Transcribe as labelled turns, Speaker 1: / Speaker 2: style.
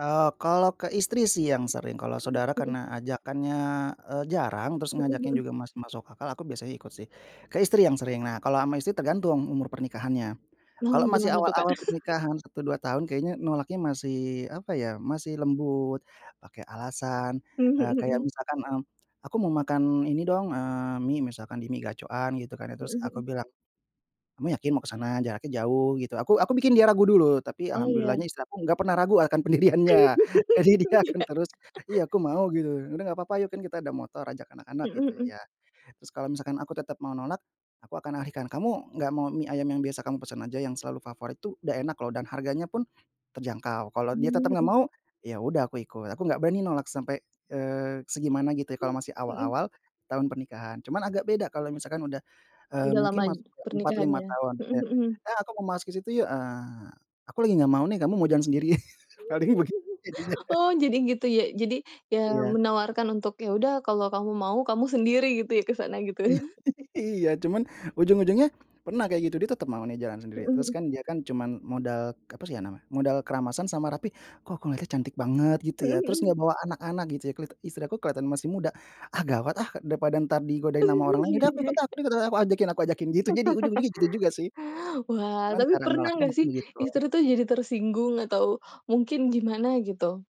Speaker 1: Eee, kalau ke istri sih yang sering kalau
Speaker 2: Hmm,
Speaker 1: saudara
Speaker 2: mhm.
Speaker 1: karena ajakannya, eee, jarang terus
Speaker 2: Mhm
Speaker 1: ngajakin
Speaker 2: mhm.
Speaker 1: juga masih masuk akal aku biasanya ikut sih, ke istri yang sering nah kalau ama istri tergantung umur pernikahannya,
Speaker 2: Nah
Speaker 1: kalau masih
Speaker 2: gimana tuh Kak?
Speaker 1: awal-awal pernikahan 1, 2 tahun kayaknya nolaknya masih apa ya masih lembut, pake alasan,
Speaker 2: Mmm, mhm
Speaker 1: eee,
Speaker 2: mhm
Speaker 1: kayak
Speaker 2: mhm.
Speaker 1: misalkan, mmm, "Aku mau makan ini dong," eee, "mie" misalkan di mie gacoan gitu kan
Speaker 2: Mhm
Speaker 1: terus aku
Speaker 2: mhm.
Speaker 1: bilang, "kamu yakin mau kesana jaraknya jauh" gitu aku aku bikin dia ragu dulu tapi
Speaker 2: Oh ya.
Speaker 1: alhamdulillahnya istri aku gak pernah ragu akan pendiriannya jadi dia akan
Speaker 2: Iya.
Speaker 1: terus iya aku mau gitu udah gak apa-apa yuk kan kita ada motor ajak anak-anak
Speaker 2: Mhm
Speaker 1: gitu
Speaker 2: mhm.
Speaker 1: ya terus kalau misalkan aku tetap mau nolak, aku akan alihkan kamu gak mau mie ayam yang biasa kamu pesen aja yang selalu favorit itu udah enak loh dan harganya pun, terjangkau kalau
Speaker 2: Mmm
Speaker 1: dia tetap gak
Speaker 2: mhm.
Speaker 1: mau ya udah aku ikut aku gak berani nolak sampai, eee, segimana gitu ya
Speaker 2: Mmm,
Speaker 1: kalau masih
Speaker 2: mhm.
Speaker 1: awal-awal, tahun pernikahan cuman agak beda kalau misalkan udah, eee,
Speaker 2: Udah lama
Speaker 1: mungkin masuk ke 4, 5
Speaker 2: pernikahannya,
Speaker 1: tahun
Speaker 2: mhm
Speaker 1: ya,
Speaker 2: mhm mhm.
Speaker 1: "eh, aku mau masuk kesitu yuk," ah, aku lagi gak mau nih kamu mau jalan sendirian paling begini jadinya.
Speaker 2: Oh jadi gitu ya jadi ya
Speaker 1: Iya.
Speaker 2: menawarkan untuk ya udah kalau kamu mau kamu sendiri gitu ya kesana gitu
Speaker 1: Iya,
Speaker 2: ya.
Speaker 1: iya cuman ujung-ujungnya, pernah kayak gitu dia tetep mau nih jalan sendiri
Speaker 2: Mhm
Speaker 1: terus
Speaker 2: mhm.
Speaker 1: kan dia kan cuman modal apa sih ya namanya modal keramasan sama rapi kok aku ngelihatnya cantik banget gitu
Speaker 2: Mhm
Speaker 1: ya terus gak
Speaker 2: mhm.
Speaker 1: bawa anak-anak gitu ya istri aku kelihatan masih muda, ah, gawat, ah, daripada entar digodain sama orang lain ya udah aku ikut aku ikut aku ajakin aku ajakin jadi itu ujung ujungnya gitu juga sih,
Speaker 2: Wah,
Speaker 1: cuman
Speaker 2: tapi
Speaker 1: cara
Speaker 2: pernah
Speaker 1: nolaknya
Speaker 2: gak sih
Speaker 1: mungkin
Speaker 2: istri
Speaker 1: gitu.
Speaker 2: tuh jadi tersinggung atau, mungkin gimana gitu?